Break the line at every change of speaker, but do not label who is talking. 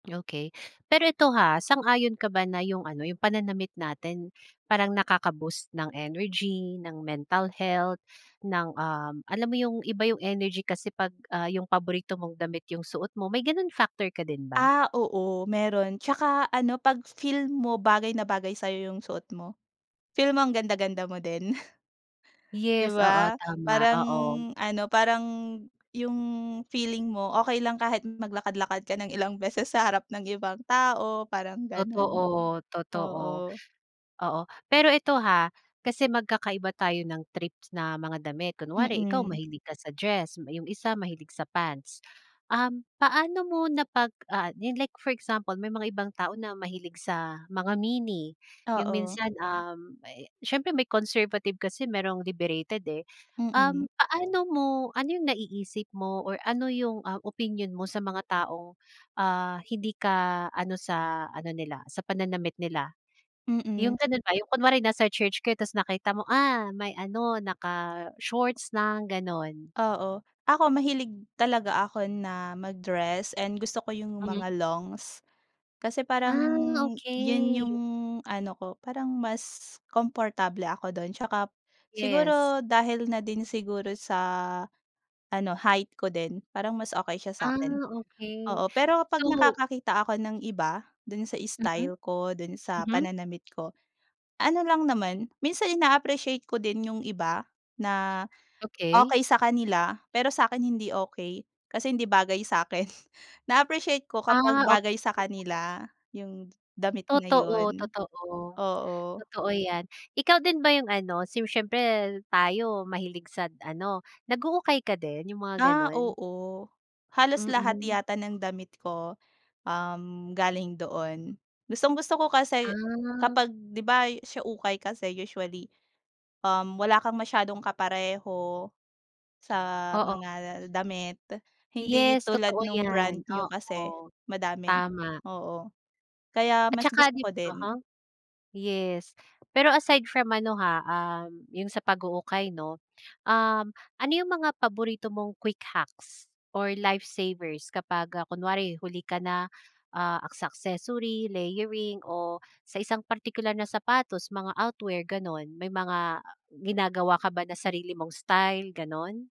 Okey, pero ito, ha, sang-ayon ka ba na yung ano yung pananamit natin parang nakakaboost ng energy, ng mental health ng, um, alam mo yung iba yung energy kasi pag, ah, yung paborito mong damit yung suot mo. May gano'n factor ka din ba?
Ah, oo mayro'n tsaka ano pag feel mo bagay na bagay sayo yung suot mo, feel mo ang ganda-ganda mo din. Di
Yes, oo
ba?
tama,
Parang
oo.
ano, parang yung feeling mo okey lang kahit maglakad-lakad ka ng ilang beses sa harap ng ibang tao parang gano'n,
Totoo, totoo.
oo.
Oo, pero eto, ha, kasi magkakaiba tayo ng trip na mga damit kunwari ikaw
Mm.
mahilig ka sa dress, yung isa mahilig sa pants, um, paano mo na pag, ah, yan like for example may mga ibang tao na mahilig sa mga mini yung
Oo.
minsan, um, eh, siyempre may conservative kasi mayrong liberated, eh.
Mm.
Um, paano mo ano yung naiisip mo or ano yung, ah, opinyon mo sa mga tao, ah, hindi ka ano sa ano nila sa pananamit nila? Yung
Mm.
gano'n ba yung kunwari nasa church kayo tapos nakita mo, ah, may ano naka shorts lang gano'n.
Oo, ako mahilig talaga ako na mag-dress and gusto ko yung
Hmm.
mga longs kasi parang
Ah,
yun
okey.
yung ano ko parang mas komportable ako do'n 'tsaka
Yes.
siguro dahil na din siguro sa ano height ko din parang mas okey siya sa
Ah,
akin.
okey
Oo, pero kapag
so
nakakakita ako ng iba do'n sa
Mm,
style ko, do'n sa
mhm.
pananamit ko, ano lang naman minsan in-appreciate ko din yung iba na,
Okey.
okey sa kanila pero sa akin hindi okey kasi hindi bagay sa akin. Na-appreciate ko kapag
Ah, ok
bagay sa kanila yung damit na
Totoo,
yun,
totoo.
oo.
Totoo 'yan. Ikaw din ba yung ano, si siyempre tayo mahilig sa ano, nag-uukay ka din, yung mga
Ah,
gano'n?
oo halos lahat
Mm.
yata ng damit ko, um, galing doon. Gustong-gusto ko kasi
Ah.
kapag di ba, sa ukay kasi usually, um, wala kang masyadong kapareho sa
Oo.
mga damit hindi
Yes
tulad
totoo
nung brand
'yan,
new kasi
oo
madami
tama.
oo, kaya
At
mas
saka
gusto
dib
ko din.
aha, yes pero aside from ano, ha, um, yung sa pag-uukay 'no. Um, ano yung mga paborito mong quick hacks or life savers kapag, ah, kunwari huli ka na, ah, sa accessory, layering o sa isang partikular na sapatos mga outwear gano'n, may mga ginagawa ka ba na sarili mong style, gano'n?